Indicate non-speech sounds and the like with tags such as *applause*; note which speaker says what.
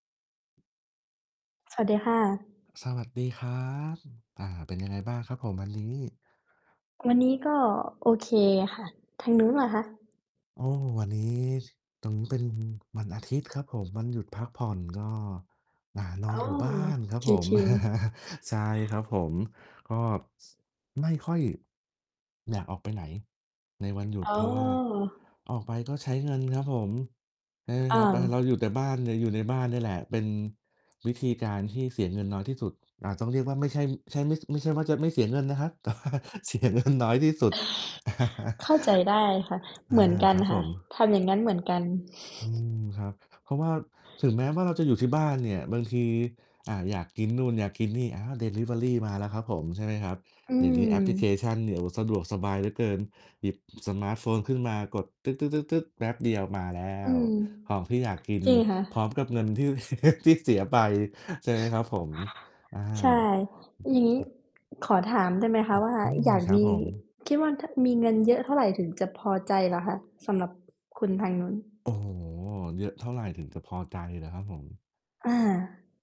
Speaker 1: สวัสดีค่ะ
Speaker 2: สวัสดีครับ อ่า เป็นยังไงบ้างครับผมวันนี้?
Speaker 1: วันนี้ก็โอเคค่ะ ทางนู้นล่ะคะ?
Speaker 2: โอ้ วันนี้ ต๋งเป็นวันอาทิตย์ครับผม วันหยุดพักผ่อน ก็ อ่า นอ
Speaker 1: อ
Speaker 2: น
Speaker 1: ๋อ
Speaker 2: อยู่บ้านครับผ
Speaker 1: ช
Speaker 2: ม
Speaker 1: ิล ๆ
Speaker 2: *chuckles* ใช่ครับผม ก็ ไม่ค่อย อยากออกไปไหนในวันหยุด
Speaker 1: อ๋
Speaker 2: เ
Speaker 1: อ
Speaker 2: พราะว่าออกไปก็ใช้เงินครับผม ใช่ไหมค
Speaker 1: อ
Speaker 2: รั
Speaker 1: า
Speaker 2: บ เราอยู่แต่บ้าน หรืออยู่ในบ้านนี่แหละ เป็นวิธีการที่เสียเงินน้อยที่สุด อ่า ต้องเรียกว่าไม่ใช่ ใช่ ไม่ใช่ว่าจะไม่เสียเงินนะครับ แต่ว่าเสียเงิน น้อยที่สุด *chuckles*
Speaker 1: เข้าใจได้ค่ะ
Speaker 2: อ
Speaker 1: เ
Speaker 2: า
Speaker 1: หมือนกั
Speaker 2: ค
Speaker 1: น
Speaker 2: รับ
Speaker 1: ค
Speaker 2: ผ
Speaker 1: ่ะ
Speaker 2: ม
Speaker 1: ทำอย่างงั้นเหมือนกัน
Speaker 2: อืม
Speaker 1: *chuckles*
Speaker 2: ครับ เพราะว่าถึงแม้ว่าเราจะอยู่ที่บ้านเนี่ย บางที อ่า อยากกินนู่นอยากกินนี่ อา ดิลิเวอรีมาแล้วครับผม ใช่ไหมครับ
Speaker 1: อื
Speaker 2: เดี๋ยวนี้แอปพลิเค
Speaker 1: ม
Speaker 2: ชันเนี่ย โอ้โฮ สะดวกสบายเหลือเกิน หยิบสมาร์ตโฟนขึ้นมากดตึ๊ด ๆ ๆ แป๊บเดียวมาแล้
Speaker 1: อื
Speaker 2: ว
Speaker 1: ม
Speaker 2: ของที่อยากกิน
Speaker 1: จริงค่
Speaker 2: พร้
Speaker 1: ะ
Speaker 2: อมกับเงินที่ ที่เสีย ไป ใช่ไหมครับผม อา
Speaker 1: ใช่ อย่างงี้ขอถามได้ไหมคะ
Speaker 2: อือ
Speaker 1: ว่า
Speaker 2: อื
Speaker 1: อ
Speaker 2: ม
Speaker 1: ยาก
Speaker 2: ครั
Speaker 1: ม
Speaker 2: บ
Speaker 1: ี
Speaker 2: ผม
Speaker 1: คิดว่า ถ้ามีเงินเยอะเท่าไรถึงจะพอใจเหรอคะ? สำหรับคุณทางนู้น
Speaker 2: โอ้โฮ เยอะเท่าไรถึงจะพอใจเหรอครับผม?
Speaker 1: อา